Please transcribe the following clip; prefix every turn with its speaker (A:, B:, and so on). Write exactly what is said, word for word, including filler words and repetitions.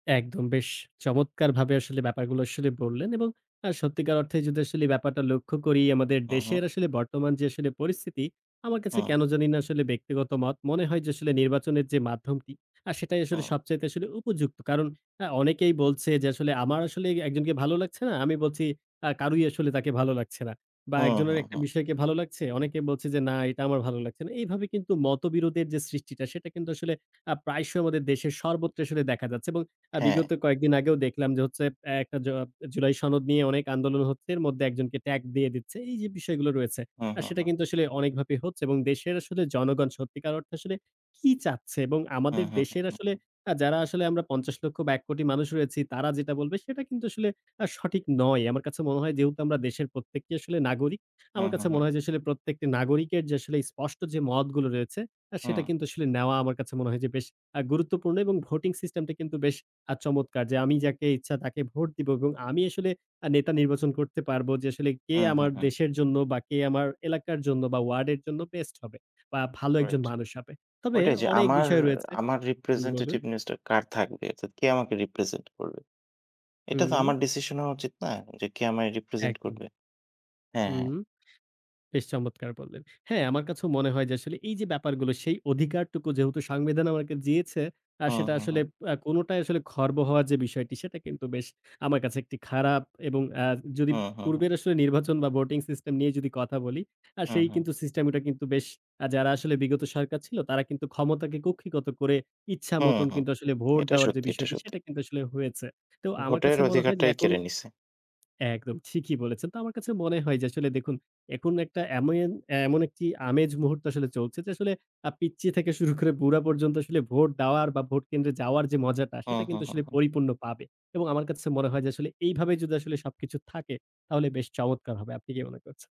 A: একদম বেশ চমৎকারভাবে আসলে ব্যাপারগুলো আসলেই বললেন এবং আ সত্যিকার অর্থে যদি আসলে ব্যাপারটা লক্ষ্য করি আমাদের
B: হুম, হুম।
A: দেশের আসলে বর্তমান যে আসলে পরিস্থিতি আমার কাছে
B: হুম।
A: কেনো জানিনা আসলে ব্যক্তিগত মত মনে হয় যে, আসলে নির্বাচনের যে মাধ্যমটি আ সেটাই আসলে
B: হুম।
A: সবচাইতে আসলে উপযুক্ত। কারণ আ অনেকেই বলছে যে আসলে আমার আসলে একজনকে ভালো লাগছে না, আমি বলছি আ কারুই আসলে তাকে ভালো লাগছে না বা
B: হুম,
A: একজনের
B: হুম,
A: একটা
B: হুম।
A: বিষয়কে ভালো লাগছে, অনেকে বলছে যে না এটা আমার ভালো লাগছে না। এইভাবে কিন্তু মতবিরোধের যে সৃষ্টিটা সেটা কিন্তু আসলে আ প্রায়শই আমাদের দেশের সর্বত্র আসলে দেখা যাচ্ছে এবং আ বিগত
B: হ্যাঁ।
A: কয়েকদিন আগেও দেখলাম যে হচ্ছে, এক জ জুলাই সনদ নিয়ে অনেক আন্দোলন হচ্ছে, এর মধ্যে একজনকে ট্যাগ দিয়ে দিচ্ছে। এই যে বিষয়গুলো রয়েছে
B: হুম,
A: আ
B: হুম,
A: সেটা
B: হুম।
A: কিন্তু আসলে অনেকভাবেই হচ্ছে এবং দেশের আসলে জনগণ সত্যিকার অর্থে আসলে কী চাচ্ছে এবং
B: হুম,
A: আমাদের
B: হুম, হুম,
A: দেশের আসলে
B: হুম।
A: আ যারা আসলে আমরা পঞ্চাশ লক্ষ বা এক কোটি মানুষ রয়েছি তারা যেটা বলবে সেটা কিন্তু আসলে আ সঠিক নয়। আমার কাছে মনে হয় যেহেতু আমরা দেশের প্রত্যেকে আসলে নাগরিক,
B: হুম,
A: আমার
B: হুম,
A: কাছে
B: হুম।
A: মনে হয় যে আসলে প্রত্যেকটি নাগরিকের যে আসলে স্পষ্ট যে মতগুলো রয়েছে
B: হুম।
A: সেটা কিন্তু আসলে নেওয়া আমার কাছে মনে হয় যে বেশ অ্যা গুরুত্বপূর্ণ এবং ভোটিং সিস্টেমটা কিন্তু আ বেশ চমৎকার। যে আমি যাকে ইচ্ছা তাকে ভোট দিব এবং আমি আসলে আ নেতা নির্বাচন করতে পারব যে আসলে কে
B: হুম, হুম,
A: আমার
B: হুম।
A: দেশের জন্য বা কে আমার এলাকার জন্য বা ওয়ার্ডের জন্য বেস্ট হবে বা ভালো একজন
B: রাইট,
A: মানুষ হবে। তবে
B: ওইটাই যে
A: অনেক
B: আমার,
A: বিষয় রয়েছে
B: আমার
A: হুম বলুন।
B: representativeness কার থাকবে? অর্থাৎ কে আমাকে রিপ্রেজেন্ট করবে? এটা তো
A: হুম।
B: আমার ডিসিশন হওয়া উচিত না? যে কে আমায় রিপ্রেজেন্ট
A: একদম।
B: করবে? হ্যাঁ, হ্যাঁ।
A: হুম, বেশ চমৎকার বললেন। হ্যাঁ, আমার কাছেও মনে হয় যে, আসলে এই যে ব্যাপারগুলো সেই অধিকারটুকু যেহেতু সংবিধান আমাকে দিয়েছে, আ
B: হুম,
A: সেটা
B: হুম,
A: আসলে
B: হুম।
A: আপ কোনোটাই আসলে খর্ব হওয়ার যে বিষয়টি সেটা কিন্তু বেশ, আমার কাছে একটি খারাপ এবং অ্যা যদি
B: হুম, হুম, হুম।
A: পূর্বের আসলে নির্বাচন বা ভোটিং সিস্টেম নিয়ে যদি কথা বলি আ
B: হুম,
A: সেই
B: হুম।
A: কিন্তু সিস্টেমটা কিন্তু বেশ আ যারা আসলে বিগত সরকার ছিল তারা কিন্তু ক্ষমতাকে কুক্ষিগত করে
B: হুম,
A: ইচ্ছামতোন
B: হুম।
A: কিন্তু আসলে ভোট
B: এটা
A: দেওয়ার যে
B: সত্যি, এটা
A: বিষয়টি
B: সত্যি।
A: সেটা কিন্তু আসলে হয়েছে। তো আমার
B: ভোটের
A: কাছে মনে হয় যে
B: অধিকারটাই
A: এখন
B: কেড়ে নিছে।
A: একদম ঠিকই বলেছেন। তো আমার কাছে মনে হয় যে আসলে দেখুন একুন একটা এমেন এমন একটি আমেজ মুহূর্ত আসলে চলছে যে আসলে আ পিচ্চি থেকে শুরু করে বুড়া পর্যন্ত আসলে ভোট দেওয়ার বা ভোট কেন্দ্রে যাওয়ার যে মজাটা
B: হুম,
A: সেটা
B: হুম,
A: কিন্তু
B: হুম,
A: আসলে
B: হুম।
A: পরিপূর্ণ পাবে এবং আমার কাছে মনে হয় যে আসলে এইভাবে যদি আসলে সবকিছু থাকে তাহলে বেশ চমৎকার হবে। আপনি কি মনে করছে?